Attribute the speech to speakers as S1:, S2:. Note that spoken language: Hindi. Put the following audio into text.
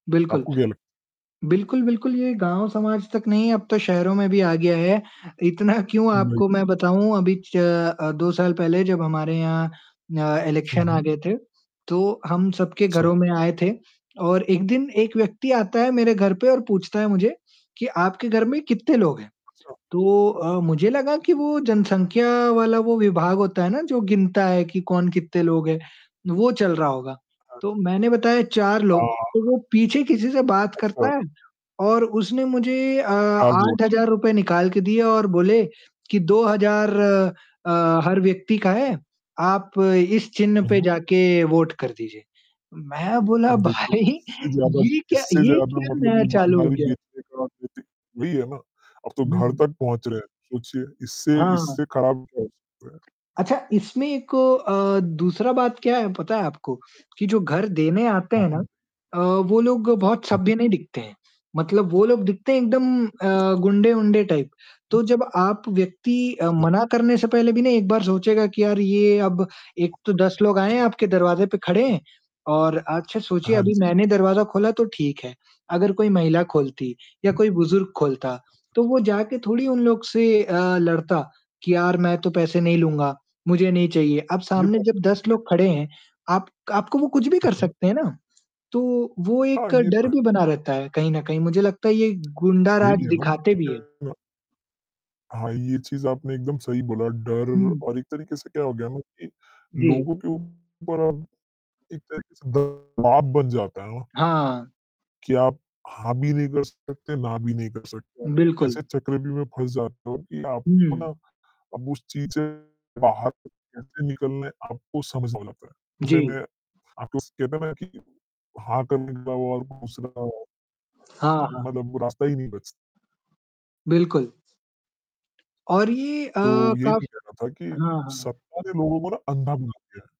S1: बिल्कुल।
S2: आपको क्या लग
S1: बिल्कुल, बिल्कुल ये गाँव समाज तक नहीं अब तो शहरों में भी आ गया है, इतना क्यों
S2: उ नहीं।
S1: आपको मैं बताऊँ अभी च अ, 2 साल पहले जब हमारे यहाँ अ,
S2: हुँ,
S1: इलेक्शन आ
S2: हुँ।
S1: गए थे, तो हम सबके
S2: छा
S1: घरों में आए थे और 1 दिन 1 व्यक्ति आता है मेरे घर पर और पूछता है मुझे कि, "आपके घर में कितने लोग हैं?"
S2: अच्छा।
S1: तो अ, मुझे लगा कि वो जनसंख्या वाला वो विभाग होता है ना, जो गिनता है कि कौन कितने लोग हैं, वो चल रहा होगा। तो
S2: अच्छा।
S1: मैंने बताया 4
S2: हाँ,
S1: लोग। तो
S2: हाँ।
S1: वो पीछे किसी से बात करता
S2: अच्छा।
S1: है और उसने मुझे अ,
S2: 4
S1: आठ
S2: वोट।
S1: हजार रुपए निकाल के दिए और बोले कि, "2000 अ, हर व्यक्ति का है, आप इस चिन्ह पे
S2: उहुँ।
S1: जाके वोट कर दीजिए।" मैं बोला,
S2: अब देखिए
S1: "भाई
S2: इससे ज़्यादा
S1: ये क्या
S2: इससे
S1: ये
S2: ज़्यादा
S1: क्या
S2: मतलब
S1: नया चालू हो
S2: ईमानदारी
S1: गया?"
S2: बेचते करा देते वही है ना, अब तो घर
S1: हुँ।
S2: तक पहुँच रहे हैं, सोचिए इससे,
S1: हाँ।
S2: इससे ख़राब क्या हो सकता है?
S1: अच्छा इसमें एक अ, दूसरा बात क्या है पता है आपको? कि जो घर देने आते
S2: हाँ,
S1: हैं ना
S2: हुँ।
S1: अ, वो लोग बहुत
S2: हुँ, हुँ।
S1: सभ्य नहीं दिखते हैं, मतलब वो लोग दिखते हैं एकदम अ, गुंडे-उंडे टाइप। तो जब आप व्यक्ति
S2: अच्छा।
S1: मना करने से पहले भी ना एक बार सोचेगा कि यार ये अब एक तो 10 लोग आए हैं आपके दरवाजे पर खड़े हैं और अच्छा सोचिए
S2: हाँ
S1: अभी
S2: जी।
S1: मैंने दरवाजा खोला तो ठीक है, अगर कोई महिला खोलती या
S2: हुँ।
S1: कोई बुजुर्ग खोलता,
S2: अच्छा।
S1: तो वो जाके थोड़ी उन लोग से अ, लड़ता कि यार मैं तो पैसे नहीं लूँगा, मुझे नहीं चाहिए। अब
S2: ये
S1: सामने
S2: बात तो
S1: जब 10
S2: सही कही।
S1: लोग खड़े हैं, आप आपको वो कुछ भी
S2: हुँ,
S1: कर
S2: हुँ।
S1: सकते हैं ना, तो वो
S2: हाँ,
S1: एक
S2: ये तो
S1: डर
S2: है।
S1: भी बना रहता है कहीं न कहीं, मुझे लगता है ये
S2: यही
S1: गुंडाराज
S2: है
S1: दिखाते भी हैं।
S2: ना। [unintelligible] हाँ, ये चीज़ आपने एकदम सही बोला, डर
S1: हुँ।
S2: और एक तरीके से क्या हो गया ना कि
S1: जी।
S2: लोगों के ऊपर अब एक तरीके से दवाब बन जाता है ना
S1: हाँ।
S2: कि आप हाँ, भी नहीं कर सकते, ना भी नहीं कर सकते।
S1: बिल्कुल।
S2: ऐसे चक्रव्यूह में फँस जाते हो कि आपको ना
S1: हुँ।
S2: अब उस चीज़ से बाहर कैसे निकलना है, आपको समझना पड़ता है। उसमें
S1: जी।
S2: आपको कहते हैं ना कि हाँ, करने के अलावा और दूसरा
S1: हाँ, हाँ।
S2: मतलब रास्ता ही नहीं बच
S1: बिल्कुल। और ये अ,
S2: तो यही भी
S1: काफ़ी
S2: कहना था कि
S1: हाँ, हाँ।
S2: सत्ता ने लोगों को ना अंधा बना दिया है।